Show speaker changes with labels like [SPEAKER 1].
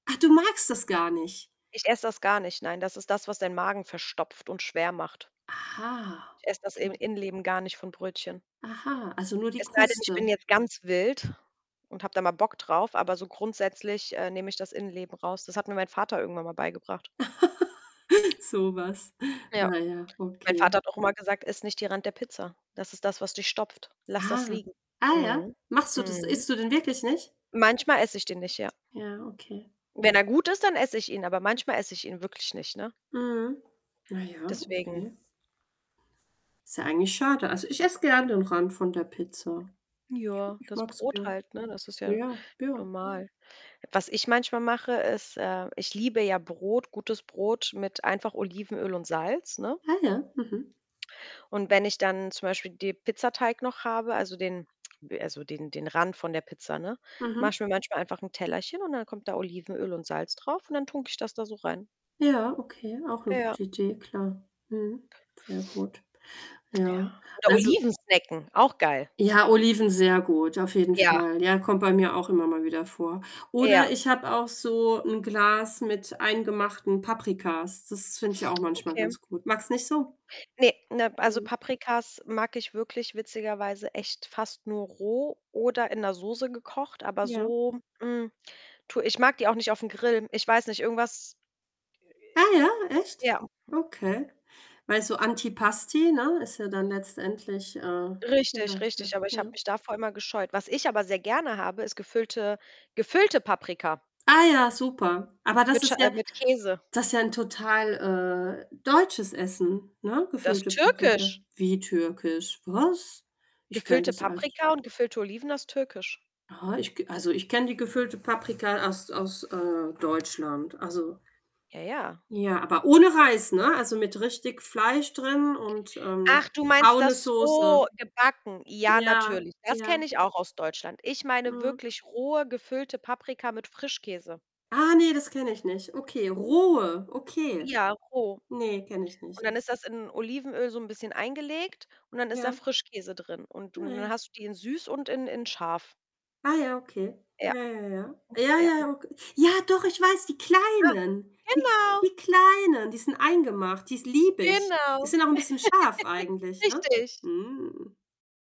[SPEAKER 1] Ach, du magst das gar nicht?
[SPEAKER 2] Ich esse das gar nicht. Nein, das ist das, was deinen Magen verstopft und schwer macht.
[SPEAKER 1] Aha
[SPEAKER 2] Ich esse das In
[SPEAKER 1] okay.
[SPEAKER 2] Innenleben gar nicht von Brötchen.
[SPEAKER 1] Aha, also nur die
[SPEAKER 2] Es sei denn, ich bin
[SPEAKER 1] Kruste.
[SPEAKER 2] jetzt ganz wild und habe da mal Bock drauf, aber so grundsätzlich, äh, nehme ich das Innenleben raus. Das hat mir mein Vater irgendwann mal beigebracht.
[SPEAKER 1] So was.
[SPEAKER 2] Ja.
[SPEAKER 1] Na ja,
[SPEAKER 2] Mein
[SPEAKER 1] okay.
[SPEAKER 2] Vater hat auch immer gesagt: „Iss nicht die Rand der Pizza. Das ist das, was dich stopft. Lass das
[SPEAKER 1] Ah,
[SPEAKER 2] liegen.“
[SPEAKER 1] ah ja?
[SPEAKER 2] Mhm.
[SPEAKER 1] Machst du das
[SPEAKER 2] Mhm.
[SPEAKER 1] isst du den wirklich nicht?
[SPEAKER 2] Manchmal esse ich den nicht, ja.
[SPEAKER 1] Ja, okay.
[SPEAKER 2] Wenn er gut ist, dann esse ich ihn, aber manchmal esse ich ihn wirklich nicht, ne?
[SPEAKER 1] Mhm. Na ja,
[SPEAKER 2] Deswegen.
[SPEAKER 1] okay. Ist ja eigentlich schade. Also ich esse gern den Rand von der Pizza. Ich
[SPEAKER 2] Joa,
[SPEAKER 1] ich
[SPEAKER 2] das
[SPEAKER 1] mag es
[SPEAKER 2] Brot
[SPEAKER 1] gern.
[SPEAKER 2] halt, ne, das ist
[SPEAKER 1] Ja,
[SPEAKER 2] ja
[SPEAKER 1] ja. Ja.
[SPEAKER 2] normal. Was ich manchmal mache, ist äh, ich liebe ja Brot, gutes Brot mit einfach Olivenöl und Salz, ne?
[SPEAKER 1] Ah ja, mhm.
[SPEAKER 2] Und wenn ich dann zum Beispiel die Pizzateig noch habe, also den also den den Rand von der Pizza, ne, mache
[SPEAKER 1] Mhm.
[SPEAKER 2] ich mir manchmal einfach 'n Tellerchen und dann kommt da Olivenöl und Salz drauf und dann tunke ich das da so rein.
[SPEAKER 1] Ja, okay, auch 'ne
[SPEAKER 2] Ja.
[SPEAKER 1] gute Idee, klar. Mhm, sehr gut.
[SPEAKER 2] Ja.
[SPEAKER 1] Ja.
[SPEAKER 2] Oder
[SPEAKER 1] Also
[SPEAKER 2] Oliven snacken. Auch geil.
[SPEAKER 1] Ja, Oliven sehr gut, auf jeden
[SPEAKER 2] Ja.
[SPEAKER 1] Fall. Ja, kommt bei mir auch immer mal wieder vor.
[SPEAKER 2] Ja.
[SPEAKER 1] Oder ich habe auch so 'n Glas mit eingemachten Paprikas. Das finde ich auch manchmal
[SPEAKER 2] Okay.
[SPEAKER 1] ganz gut. Magst nicht so?
[SPEAKER 2] Ne, ne also
[SPEAKER 1] Mhm.
[SPEAKER 2] Paprikas mag ich wirklich witzigerweise echt fast nur roh oder in 'ner Soße gekocht, aber
[SPEAKER 1] Ja.
[SPEAKER 2] so, hm, tu ich mag die auch nicht auf 'n Grill. Ich weiß nicht, irgendwas
[SPEAKER 1] Ah, ja, echt?
[SPEAKER 2] Ja. Mhm.
[SPEAKER 1] Okay. Weil so Antipasti, ne, ist ja dann letztendlich, äh, viel
[SPEAKER 2] Richtig,
[SPEAKER 1] leichter,
[SPEAKER 2] richtig, aber ich habe
[SPEAKER 1] ja.
[SPEAKER 2] mich davor immer gescheut. Was ich aber sehr gerne habe, ist gefüllte gefüllte Paprika
[SPEAKER 1] Ah ja, super. Aber das
[SPEAKER 2] mit Schei
[SPEAKER 1] ist
[SPEAKER 2] äh,
[SPEAKER 1] ja
[SPEAKER 2] mit Käse.
[SPEAKER 1] das ist ja 'n total, äh, deutsches Essen, ne?
[SPEAKER 2] Das ist
[SPEAKER 1] Gefüllte Paprika.
[SPEAKER 2] Türkisch.
[SPEAKER 1] Wie türkisch, was? Ich kenne
[SPEAKER 2] Gefüllte
[SPEAKER 1] das als
[SPEAKER 2] Paprika und gefüllte Oliven ist Türkisch.
[SPEAKER 1] Aha, ich k also, ich kenne die gefüllte Paprika aus aus, äh, Deutschland. Also
[SPEAKER 2] Ja, ja.
[SPEAKER 1] Ja, aber ohne Reis, ne? Also, mit richtig Fleisch drin und ähm,
[SPEAKER 2] Ach, du meinst
[SPEAKER 1] braune
[SPEAKER 2] das
[SPEAKER 1] Soße.
[SPEAKER 2] so, gebacken? Ja,
[SPEAKER 1] Ja,
[SPEAKER 2] natürlich. Das
[SPEAKER 1] ja.
[SPEAKER 2] kenne ich auch aus Deutschland. Ich meine
[SPEAKER 1] Mhm.
[SPEAKER 2] wirklich rohe, gefüllte Paprika mit Frischkäse.
[SPEAKER 1] Ah, ne, das kenne ich nicht. Okay, rohe, okay.
[SPEAKER 2] Ja, roh.
[SPEAKER 1] Ne, kenne ich nicht.
[SPEAKER 2] Und dann ist das in Olivenöl so 'n bisschen eingelegt und dann ist da
[SPEAKER 1] Ja.
[SPEAKER 2] Frischkäse drin. Und und dann
[SPEAKER 1] Ne.
[SPEAKER 2] hast du die in süß und in in scharf.
[SPEAKER 1] Ah ja, okay.
[SPEAKER 2] Ja.
[SPEAKER 1] Ja, ja, ja. Ja, ja,
[SPEAKER 2] [unintelligible]
[SPEAKER 1] ja, ok Ja, doch, ich weiß, die
[SPEAKER 2] Ah,
[SPEAKER 1] Kleinen. Die
[SPEAKER 2] genau.
[SPEAKER 1] die Kleinen, die sind eingemacht, die ist liebe ich. Die
[SPEAKER 2] Genau.
[SPEAKER 1] sind auch 'n bisschen scharf eigentlich, ne?
[SPEAKER 2] Richtig.
[SPEAKER 1] Mm.